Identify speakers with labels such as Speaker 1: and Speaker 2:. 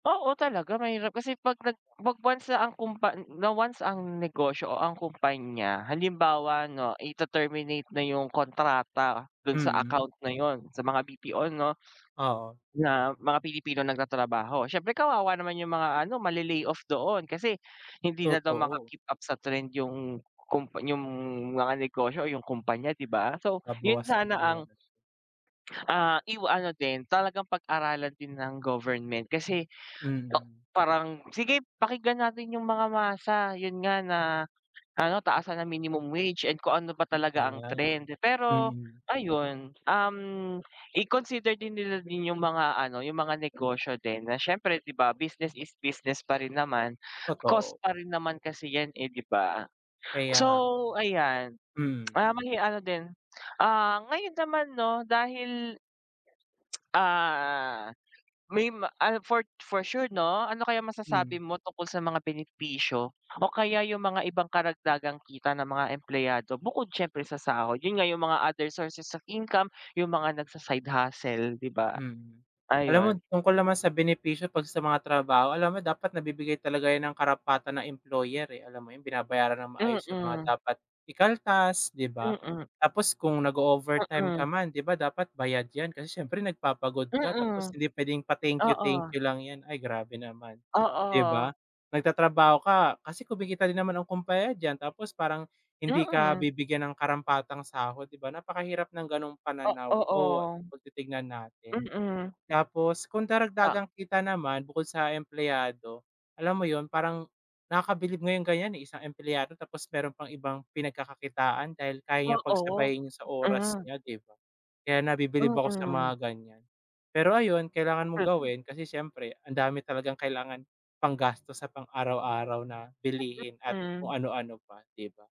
Speaker 1: Oo, talaga mahirap. Kasi 'pag nag 'pag once ang kumpan na once ang negosyo o ang kumpanya, halimbawa 'no, ite-terminate na yung kontrata dun sa
Speaker 2: Mm.
Speaker 1: account na yun, sa mga BPO 'no,
Speaker 2: Oo.
Speaker 1: na mga Pilipinong nagtatrabaho. Siyempre kawawa naman yung mga ano, male-lay off doon. Kasi hindi na daw
Speaker 2: Totoo.
Speaker 1: maka-keep up sa trend yung kumpa yung mga negosyo o yung kumpanya, di ba? So, yun
Speaker 2: Nababawasan
Speaker 1: sana
Speaker 2: tuloy
Speaker 1: ang,
Speaker 2: ako.
Speaker 1: ah, iwa ano din, talagang pag-aralan din ng government kasi tok
Speaker 2: Mm.
Speaker 1: parang sige, pakinggan natin yung mga masa, yun nga na ano, taasan ang minimum wage and kung ano ba talaga ang
Speaker 2: Ayan,
Speaker 1: trend. Pero
Speaker 2: mm.
Speaker 1: ayun, um, i-consider din nila din yung mga ano, yung mga negosyo din na siyempre, di ba business is business pa rin naman. Cost
Speaker 2: Totoo.
Speaker 1: pa rin naman kasi 'yan, eh, di ba?
Speaker 2: Kaya nga.
Speaker 1: So ayan,
Speaker 2: Mm.
Speaker 1: ah, may ano din ah, ngayon naman 'no, dahil ah, may ma ah, for for sure 'no, ano kayang masasabi
Speaker 2: Hmm.
Speaker 1: mo tungkol sa mga benepisyo o kaya yung mga ibang karagdagang kita ng mga empleyado bukod siyempre sa sahod? Yun nga yung mga other sources of income, yung mga nagsa-side hustle, di ba?
Speaker 2: Mm. Alam mo,
Speaker 1: Ayun.
Speaker 2: tungkol naman sa benepisyo 'pag sa mga trabaho, alam mo dapat nabibigay talaga 'yan ng karapatan ng employer, eh. Alam mo yun, binabayaran ng maayos yung mga
Speaker 1: Mm.
Speaker 2: dapat ikaltas, di ba?
Speaker 1: Mm.
Speaker 2: Tapos kung nag-o-overtime ka
Speaker 1: Mm.
Speaker 2: man, di ba dapat bayad 'yan, kasi siyempre nagpapagod ka, tapos
Speaker 1: Mm.
Speaker 2: hindi puwedeng pa-thank you, thank
Speaker 1: Oo.
Speaker 2: you lang 'yan. Ay, grabe naman. Di
Speaker 1: Oo.
Speaker 2: ba? Nagtatrabaho ka kasi kumikita din naman ang kumpanya diyan, tapos parang hindi ka
Speaker 1: Mm.
Speaker 2: bibigyan ng karampatang sahod. Di ba napakahirap ng gano'ng
Speaker 1: O,
Speaker 2: pananaw o
Speaker 1: oo.
Speaker 2: 'pag titignan natin.
Speaker 1: Mm.
Speaker 2: Tapos kung
Speaker 1: Ta
Speaker 2: karagdagang kita naman, bukod sa empleyado, alam mo yun, parang nakakabilib nga yung ganiyan, eh, isang empleyado tapos meron pang ibang pinagkakakitaan dahil kaya niyang
Speaker 1: Oo.
Speaker 2: pagsabayin yun sa oras
Speaker 1: Mm.
Speaker 2: niya, di ba? Kaya nabibilib ako sa
Speaker 1: Mm.
Speaker 2: mga ganiyan. Pero ayun, kailangan mong gawin kasi siyempre ang dami talagang kailangan panggastos sa pang araw-araw na bilihin at
Speaker 1: Mm.
Speaker 2: kung ano-ano pa, di ba?